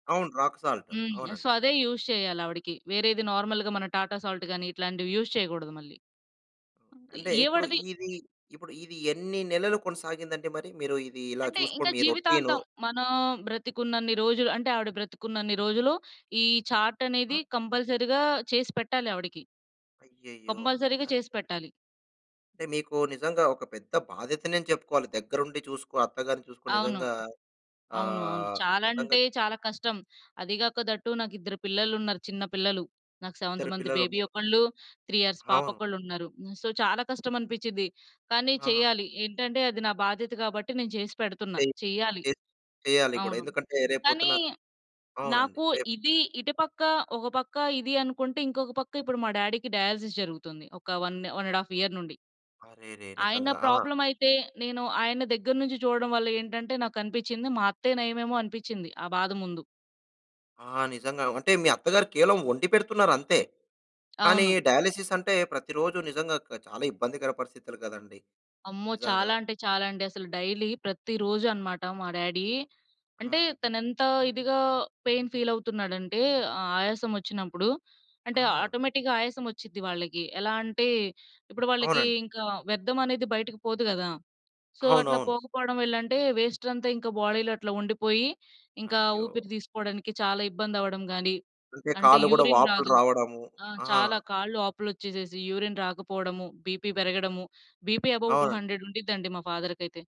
అవును. Rock salt హ్మ్. So, అవునండి. అదే యూజ్ చేయాలావిడకి. వేరేది నార్మల్‌గా మన టాటా సాల్ట్ గాని, ఇట్లాంటివి యూజ్ చేయకూడదు మళ్ళీ. అంటే, ఇప్పుడు ఎవడది ఇది ఇప్పుడు ఇది ఎన్ని నెలలు కొనసాగిందంటే, మరి మీరు ఇది ఇలా అంటే, చూసుకో ఇంకా మీ రోటీను. జీవితాంతం మనం బ్రతికున్నన్ని రోజులు అంటే, ఆవిడ బ్రతికున్నన్ని రోజులు ఈ చార్టనేది అ! కంపల్సరీగా చేసి పెట్టాలి ఆవిడకి. అయ్యయ్యో! అంటే కంపల్సరీగా అ చేసి పెట్టాలి. అంటే మీకు నిజంగా ఒక పెద్ద బాధ్యతనే చెప్పుకోవాలి. దగ్గరుండి చూసుకో అత్తగారిని చూసుకో అవును. నిజంగా అవును, అవును. అహ్, చాలా నిజంగా అంటే చాలా కష్టం. అది గాకా దట్ టూ నాకిద్దరు పిల్లలున్నారు చిన్న పిల్లలు. నాకు 7 ఇద్దరు మంత్ బేబీ పిల్లలున్నారు. ఒకళ్ళు, 3 ఇయర్స్ పాప అవును. ఒకళ్ళున్నారు. హ్మ్ సో, చాలా కష్టమనిపించింది. కానీ ఆహా! చెయ్యాలి. ఏంటంటే అది నా బాధ్యత గాబట్టి, నేను చేసి పెడుతున్నా. చేయ్ చెయ్యాలి. చే చేయాలి గూడా. అవును. ఎందుకంటే కానీ, రేపొద్దున్న అవునండి. నాకు రేపు ఇది ఇటు పక్క ఒక పక్క ఇది అనుకుంటే, ఇంకొక పక్క ఇప్పుడు మా డాడీకి డయాలిసిస్ జరుగుతుంది. ఒక 1, 1 ½ ఇయర్ నుండి. అరెరే! ఆయన నిజంగా! ఆ! ప్రాబ్లమయితే, నేను ఆయన దగ్గర నుంచి చూడడం వల్ల ఏంటంటే నాకనిపించింది. మా అత్తయ్య నయమేమో అనిపించింది ఆ బాధ ముందు. ఆ! నిజంగా అంటే, మీ అత్తగారు కేవలం వండిపెడుతున్నారంతే. కానీ అవును. డయాలిసిస్ అంటే ప్రతిరోజు నిజంగా క చాలా ఇబ్బందికర పరిస్థితులు గదండీ! అమ్మో నిజంగా. చాలా అంటే చాలా అండి అసలు. డైలీ ప్రతిరోజన్నమాట మా డాడీ. అంటే ఆ! తనేంత ఇదిగా పెయిన్ ఫీల్ అవుతున్నాడంటే, ఆ ఆయాసం వచ్చినప్పుడు అంటే, ఆహా! ఆటోమేటిక్‌గా ఆయాసం వచ్చిద్ది వాళ్ళకి ఎలా అంటే, ఇప్పుడు వాళ్ళకి అవునండి. ఇంకా వ్యర్థం అనేది బయటకి పోదు గదా! సో, అట్లా అవునవును. పోకపోవడం వెల్లంటే వేస్టంతా ఇంకా బాడీలో అట్లా ఉండిపోయి, ఇంకా అయ్యో! ఊపిరి తీసుకోడానికి చాలా ఇబ్బందవ్వడం గాని, అంటే అంటే కాళ్ళు కూడా యూరిన్ వాపులు రాదు. రావడము. ఆ! ఆహా! చాలా కాళ్ళు వాపులొచ్చేసేసి, యూరిన్ రాకపోవడము, బీపీ పెరగడము, బీపీ అబోవ్ టూ అవునండి. హండ్రెడ్ ఉండిద్దండి మా ఫాదర్‌కైతే.